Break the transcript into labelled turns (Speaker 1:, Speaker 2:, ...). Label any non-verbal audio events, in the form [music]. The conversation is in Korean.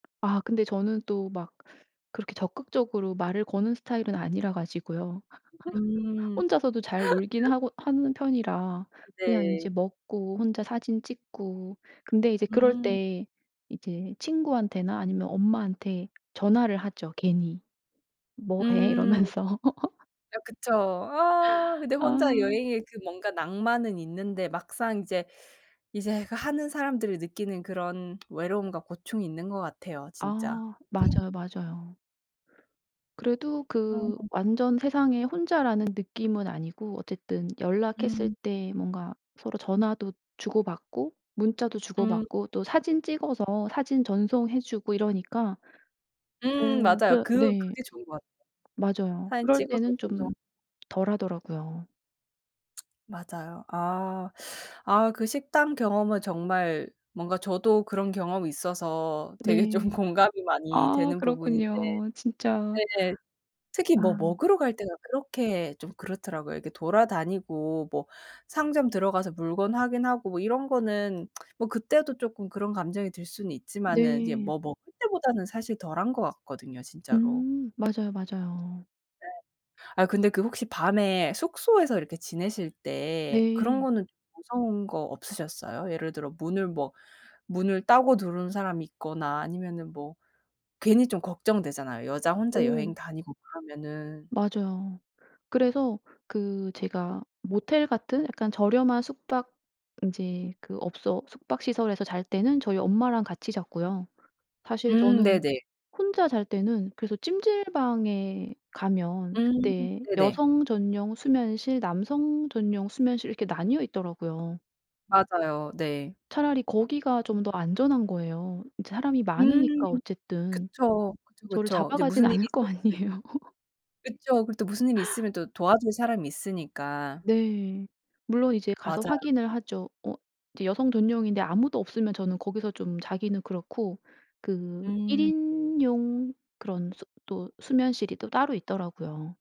Speaker 1: 아 근데 저는 또 막 그렇게 적극적으로 말을 거는 스타일은 아니라 가지고요. [laughs]
Speaker 2: 음.
Speaker 1: 혼자서도 잘 놀긴
Speaker 2: [laughs]
Speaker 1: 하고 하는 편이라
Speaker 2: 아
Speaker 1: 그냥
Speaker 2: 네.
Speaker 1: 인제 먹고 혼자 사진 찍고 근데 이제 그럴
Speaker 2: 음.
Speaker 1: 때 이제 친구한테나 아니면 엄마한테 전화를 하죠 괜히. "뭐 해?"
Speaker 2: 음.
Speaker 1: 이러면서. [laughs]
Speaker 2: 네 그쵸. 아 근데 혼자
Speaker 1: 아.
Speaker 2: 여행에 그 뭔가 낭만은 있는데 막상 이제, 이제 그 하는 사람들이 느끼는 그런 외로움과 고충이 있는 것 같아요, 진짜.
Speaker 1: 아 맞아요, 맞아요. 그래도 그
Speaker 2: 아.
Speaker 1: 완전 세상에 혼자라는 느낌은 아니고 어쨌든 연락했을
Speaker 2: 음.
Speaker 1: 때 뭔가 서로 전화도 주고받고 문자도
Speaker 2: 음.
Speaker 1: 주고받고 또 사진 찍어서 사진 전송해 주고 이러니까
Speaker 2: 음
Speaker 1: 어
Speaker 2: 맞아요.
Speaker 1: 그러
Speaker 2: 그
Speaker 1: 네.
Speaker 2: 그게 좋은 것 같아요.
Speaker 1: 맞아요.
Speaker 2: 사진
Speaker 1: 그럴
Speaker 2: 찍어서
Speaker 1: 때는
Speaker 2: 전송.
Speaker 1: 좀 덜 하더라고요.
Speaker 2: 맞아요. 아. 아 그 식당 경험은 정말 뭔가 저도 그런 경험이 있어서 되게 좀
Speaker 1: 네.
Speaker 2: 공감이 많이
Speaker 1: 아
Speaker 2: 되는 부분인데
Speaker 1: 그렇군요, 진짜.
Speaker 2: 네. 특히 뭐
Speaker 1: 아.
Speaker 2: 먹으러 갈 때가 그렇게 좀 그렇더라고요. 이렇게 돌아다니고 뭐 상점 들어가서 물건 확인하고 뭐 이런 거는 뭐 그때도 쪼끔 그런 감정이 들 수는 있지만은 이제
Speaker 1: 네.
Speaker 2: 뭐 먹을 때보다는 사실 덜한 것 같거든요, 진짜로.
Speaker 1: 음. 맞아요, 맞아요.
Speaker 2: 네. 아 근데 그 혹시 밤에 숙소에서 이렇게 지내실 때 그런
Speaker 1: 네.
Speaker 2: 거는 좀 무서운 거 없으셨어요? 예를 들어 문을 뭐 문을 따고 들어오는 사람이 있거나 아니면은 뭐 괜히 좀 걱정되잖아요, 여자 혼자
Speaker 1: 오.
Speaker 2: 여행 다니고 그러면은.
Speaker 1: 맞아요. 그래서 그 제가 모텔 같은 약간 저렴한 숙박 이제 그 업소 숙박 시설에서 잘 때는 저희 엄마랑 같이 잤고요. 사실
Speaker 2: 음
Speaker 1: 저는
Speaker 2: 네네.
Speaker 1: 혼자 잘 때는 그래서 찜질방에 가면
Speaker 2: 음
Speaker 1: 그때
Speaker 2: 네네.
Speaker 1: 여성 전용 수면실 남성 전용 수면실 이렇게 나뉘어 있더라고요.
Speaker 2: 맞아요. 네.
Speaker 1: 차라리 거기가 좀 더 안전한 거예요. 이제 사람이
Speaker 2: 음
Speaker 1: 많으니까 어쨌든
Speaker 2: 그쵸. 그쵸,
Speaker 1: 저를
Speaker 2: 그쵸. 이제
Speaker 1: 잡아가진
Speaker 2: 무슨 일이
Speaker 1: 않을 거
Speaker 2: 생길 수 있
Speaker 1: 아니에요. [laughs]
Speaker 2: 그쵸. 그리고 또 무슨 일이 있으면 또 도와줄 사람이 있으니까.
Speaker 1: 네. 물론 이제 가서
Speaker 2: 맞아요.
Speaker 1: 확인을 하죠. 어 이제 여성 전용인데 아무도 없으면 저는 거기서 좀 자기는 그렇고 그 1
Speaker 2: 음.
Speaker 1: 인용 그런 수 또 수면실이 또 따로 있더라고요.